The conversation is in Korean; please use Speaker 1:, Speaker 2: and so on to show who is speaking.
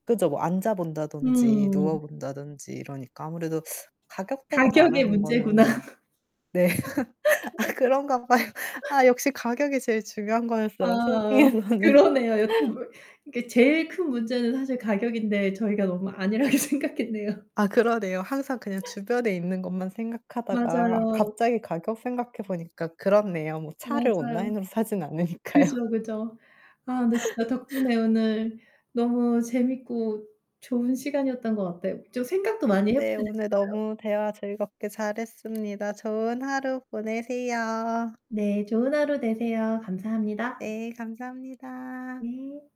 Speaker 1: 그죠. 뭐 앉아 본다든지 누워
Speaker 2: 음.
Speaker 1: 본다든지 이러니까 아무래도 가격대가
Speaker 2: 가격의
Speaker 1: 나가는
Speaker 2: 문제구나.
Speaker 1: 거는 네. 아 그런가 봐요. 아 역시 가격이 제일 중요한 거였어요,
Speaker 2: 아
Speaker 1: 쇼핑에서는.
Speaker 2: 그러네요. 여태 몰 그러니까 제일 큰 문제는 사실 가격인데 저희가 너무 안일하게 생각했네요.
Speaker 1: 아 그러네요. 항상 그냥 주변에 있는 것만 생각하다가
Speaker 2: 맞아요.
Speaker 1: 갑자기 가격 생각해 보니까 그렇네요. 뭐 차를
Speaker 2: 맞아요.
Speaker 1: 온라인으로 사진 않으니까요.
Speaker 2: 그죠, 그죠. 아 근데 진짜 덕분에 오늘 너무 재밌고 좋은 시간이었던 것 같아요. 좀 생각도 많이 해
Speaker 1: 네.
Speaker 2: 보게
Speaker 1: 오늘
Speaker 2: 됐어요.
Speaker 1: 너무 대화 즐겁게 잘했습니다. 좋은 하루 보내세요.
Speaker 2: 네. 좋은 하루 되세요. 감사합니다.
Speaker 1: 네. 감사합니다.
Speaker 2: 네.